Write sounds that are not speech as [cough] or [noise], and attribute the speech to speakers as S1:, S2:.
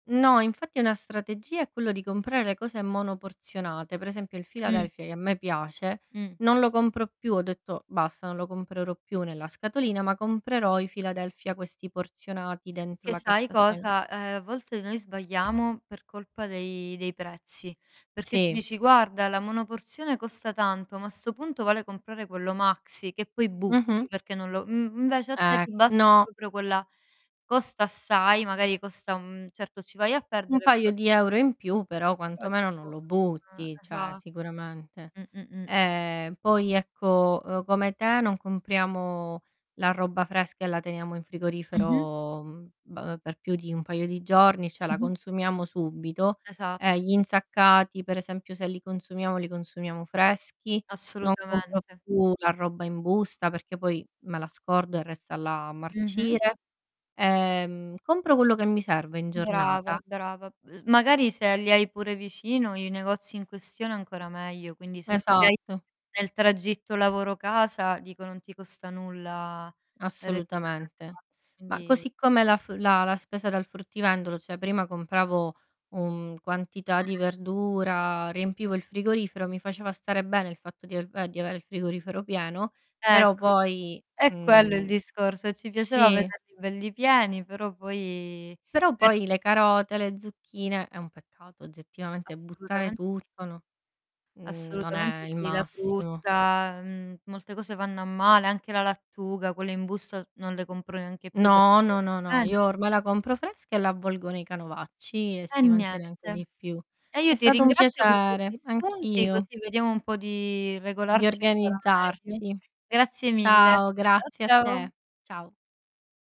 S1: No, infatti è una strategia è quello di comprare le cose monoporzionate, per esempio il
S2: Mh.
S1: Philadelphia, che a me piace,
S2: Mh.
S1: non lo compro più, ho detto: "Basta, non lo comprerò più nella scatolina, ma comprerò i Philadelphia questi porzionati dentro
S2: Che
S1: la
S2: sai
S1: carta stagn"
S2: cosa? Uhm, a volte noi sbagliamo per colpa dei dei prezzi, perché tu
S1: Sì.
S2: dici: "Guarda, la monoporzione costa tanto, ma a 'sto punto vale comprare quello maxi", che poi
S1: Mh-mh.
S2: butti perché non lo m mhmm, invece, a te
S1: Ecc
S2: ti basta
S1: no.
S2: proprio quella costa assai, magari costa un certo, ci vai a
S1: Un
S2: perdere
S1: paio
S2: [unintelligible]
S1: di euro in più però
S2: Però
S1: quantomeno non
S2: tipo
S1: lo
S2: Eh.
S1: butti, cioè,
S2: Esatto.
S1: sicuramente.
S2: Mh. Mh. Mh.
S1: Ehm, poi, ecco, uhm, come te, non compriamo la roba fresca e la teniamo in
S2: Mh-mh.
S1: frigorifero, mhmm, b per più di un paio di giorni, cioè, la
S2: Mh-mh.
S1: consumiamo subito,
S2: Esa
S1: e gli insaccati, per esempi, se li consumiamo, li consumiamo freschi, non compro
S2: Assolutamente.
S1: più la roba in busta perché poi me la scordo, e resta là a
S2: Mh-mh.
S1: marcire. Ehm, compro quello che mi serve in
S2: Brava,
S1: giornata.
S2: brava. Ehm, magari, se li hai pure vicino i negozi in questione ancora meglio, quindi se ce l'hai
S1: Esatto.
S2: nel tragitto lavoro casa, dico, non ti costa nulla
S1: Assolutamente.
S2: recuperarla.
S1: Ma
S2: Quindi
S1: così come la f la la spesa dal fruttivendolo, cioè prima compravo un quantità di
S2: Mh-mh.
S1: verdura, riempivo il frigorifero, mi faceva stare bene il fatto di a uhm, di avere il frigorifero pieno, però
S2: Ecco,
S1: poi,
S2: è quello il
S1: mhmm
S2: discorso. Ci piaceva
S1: Sì.
S2: vederli belli pieni, però poi
S1: Però
S2: è
S1: poi le carote, le zucchine è un peccato oggettivamente buttare
S2: Assolutamente sì.
S1: tutto no mhmm, non è
S2: Assolutamente
S1: il
S2: sì. La
S1: massimo.
S2: frutta, ehm, molte cose vanno a male, anche la lattuga, quelle in busta non le compro neanche più perché
S1: No,
S2: poi
S1: no,
S2: le
S1: no, no. Io
S2: dimenti
S1: ormai la compro fresca e la avvolgo nei canovacci, e
S2: E
S1: si mantiene anche
S2: niente.
S1: di più.
S2: E io
S1: È
S2: ti
S1: stato un
S2: ringrazio per questi
S1: piacere.
S2: spunti,
S1: Anch'io.
S2: così vediamo un po' di
S1: Di
S2: regolarci ancora meglio.
S1: organizzarci.
S2: Grazie mille.
S1: Ciao,
S2: Ciao,
S1: grazie a
S2: ciao.
S1: te. Ciao.